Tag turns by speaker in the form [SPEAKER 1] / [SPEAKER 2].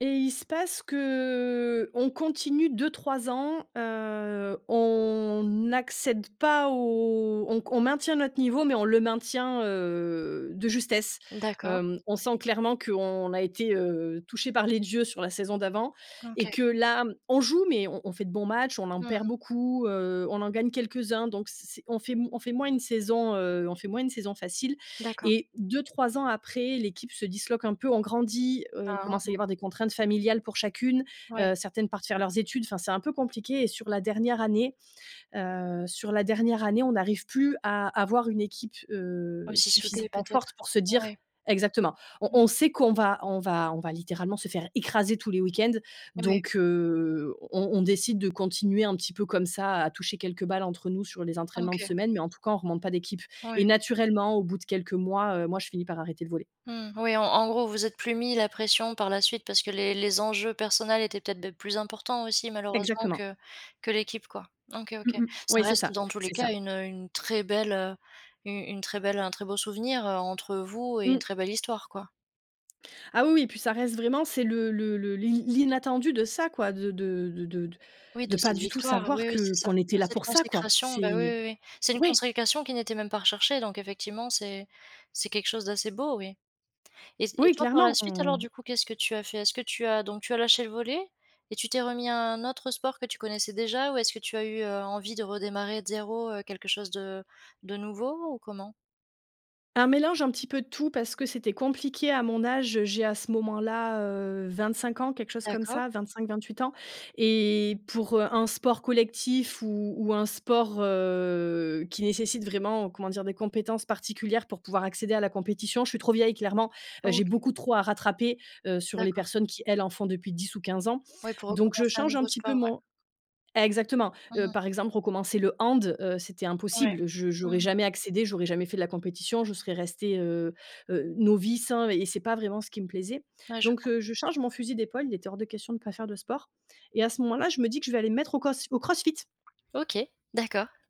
[SPEAKER 1] Et il se passe qu'on continue 2-3 ans. Heu, on n'accède pas au on con on maintient notre niveau mais on le maintient, heu, de justesse,
[SPEAKER 2] D'accord.
[SPEAKER 1] hem. On sent clairement qu'on a été, heu, touchées par les dieux sur la saison d'avant et
[SPEAKER 2] OK.
[SPEAKER 1] que là, mmh, on joue mais on on fait de bons matches, on en
[SPEAKER 2] Mmh.
[SPEAKER 1] perd beaucoup, heu, on en gagne quelques-uns donc c c'est on fait on fait moins une saison, heu, on fait moins une saison facile
[SPEAKER 2] D'accord.
[SPEAKER 1] et 2-3 ans après, l'équipe se disloque un peu. On grandit. Heu, il
[SPEAKER 2] Ah,
[SPEAKER 1] commence à
[SPEAKER 2] hein.
[SPEAKER 1] y avoir des contraintes familiales pour chacune.
[SPEAKER 2] Ouais.
[SPEAKER 1] Heu, certaines partent faire leurs études. Enfin, c'est un peu compliqué et sur
[SPEAKER 2] Mmh.
[SPEAKER 1] la dernière année, heu, sur la dernière année, on n'arrive plus à avoir une équipe, heu,
[SPEAKER 2] Aussi soutenue,
[SPEAKER 1] suffisamment forte
[SPEAKER 2] peut-être.
[SPEAKER 1] pour se dire
[SPEAKER 2] Ouais.
[SPEAKER 1] exactement. On
[SPEAKER 2] Mmh
[SPEAKER 1] on
[SPEAKER 2] mh.
[SPEAKER 1] sait qu'on va on va on va littéralement se faire écraser tous les week-ends.
[SPEAKER 2] Ouais.
[SPEAKER 1] Donc heu, on on décide de continuer un petit peu comme ça, à toucher quelques balles entre nous sur les entraînements de
[SPEAKER 2] OK.
[SPEAKER 1] semaine mais en tout cas, on remonte pas d'équipe et
[SPEAKER 2] Ouais.
[SPEAKER 1] naturellement, au bout de quelques mois, heu, moi, je finis par arrêter le volley.
[SPEAKER 2] Mmh. Oui, en en gros, vous vous êtes plus mis la pression par la suite parce que les les enjeux personnels étaient peut-être, beh, plus importants, aussi, malheureusement
[SPEAKER 1] Exactement.
[SPEAKER 2] que que l'équipe, quoi. OK,
[SPEAKER 1] Mmh
[SPEAKER 2] OK.
[SPEAKER 1] mh.
[SPEAKER 2] Ça
[SPEAKER 1] Oui, c'est
[SPEAKER 2] reste,
[SPEAKER 1] ça,
[SPEAKER 2] dans tous les
[SPEAKER 1] c'est
[SPEAKER 2] cas,
[SPEAKER 1] ça.
[SPEAKER 2] une, heu, une très belle, heu, une une très belle un très beau souvenir, heu, entre vous et une
[SPEAKER 1] Mmh.
[SPEAKER 2] très belle histoire, quoi.
[SPEAKER 1] Ah oui, oui, puis ça reste vraiment, c'est le le le l'i l'inattendu de ça quoi, de de de de de
[SPEAKER 2] Oui,
[SPEAKER 1] de
[SPEAKER 2] de
[SPEAKER 1] pas
[SPEAKER 2] cette
[SPEAKER 1] du tout
[SPEAKER 2] victoire,
[SPEAKER 1] savoir
[SPEAKER 2] oui, oui,
[SPEAKER 1] que
[SPEAKER 2] c'est ça!
[SPEAKER 1] qu'on était
[SPEAKER 2] De
[SPEAKER 1] là
[SPEAKER 2] cette
[SPEAKER 1] pour ça, quoi!
[SPEAKER 2] consécration,
[SPEAKER 1] C'est
[SPEAKER 2] bah, oui, oui, oui! C'est une
[SPEAKER 1] oui!
[SPEAKER 2] consécration qui n'était même pas recherchée donc effectivement, c'est c'est quelque chose d'assez beau, oui et c et
[SPEAKER 1] Oui,
[SPEAKER 2] toi, par la
[SPEAKER 1] clairement,
[SPEAKER 2] suite,
[SPEAKER 1] on
[SPEAKER 2] alors, du coup, qu'est-ce que tu as fait? Est-ce que tu as donc tu as lâché le volley et tu t'es remis à un autre sport que tu connaissais déjà? Ou est-ce que tu as eu, heu, envie de redémarrer de zéro, heu, quelque chose de de nouveau ou comment?
[SPEAKER 1] Un mélange, un petit peu de tout, parce que c'était compliqué à mon âge. J'ai, à ce moment-là, heu, 25 ans, quelque chose comme
[SPEAKER 2] D'accord.
[SPEAKER 1] ça, 25-28 ans et pour, heu, un sport collectif ou ou un sport, heu, qui nécessite vraiment, comment dire, des compétences particulières pour pouvoir accéder à la compétition, je suis trop vieille, clairement. Heu, j'ai
[SPEAKER 2] OK.
[SPEAKER 1] beaucoup trop à rattraper, heu, sur les
[SPEAKER 2] D'accord.
[SPEAKER 1] personnes qui, elles, en font depuis 10 ou 15 ans.
[SPEAKER 2] Ouais, pour
[SPEAKER 1] Donc je
[SPEAKER 2] recommencer un
[SPEAKER 1] change un
[SPEAKER 2] nouveau
[SPEAKER 1] petit peu
[SPEAKER 2] sport, ouais.
[SPEAKER 1] mon exactement!
[SPEAKER 2] Mmh
[SPEAKER 1] Heu,
[SPEAKER 2] mh.
[SPEAKER 1] par exemple, recommencer le hand, heu, c'était
[SPEAKER 2] Ouais.
[SPEAKER 1] impossible. Je
[SPEAKER 2] Mmh
[SPEAKER 1] j'aurais
[SPEAKER 2] mh.
[SPEAKER 1] jamais accédé j'aurais jamais fait de la compétition. Je serais restée, heu heu, novice, hein et c'est pas vraiment ce qui me plaisait.
[SPEAKER 2] Ouais, je
[SPEAKER 1] Donc
[SPEAKER 2] vois.
[SPEAKER 1] heu, je change mon fusil d'épaule. Il était hors de question de pas faire de sport et à ce moment-là, je me dis que je vais aller me mettre au coss au crossfit.
[SPEAKER 2] OK, d'accord.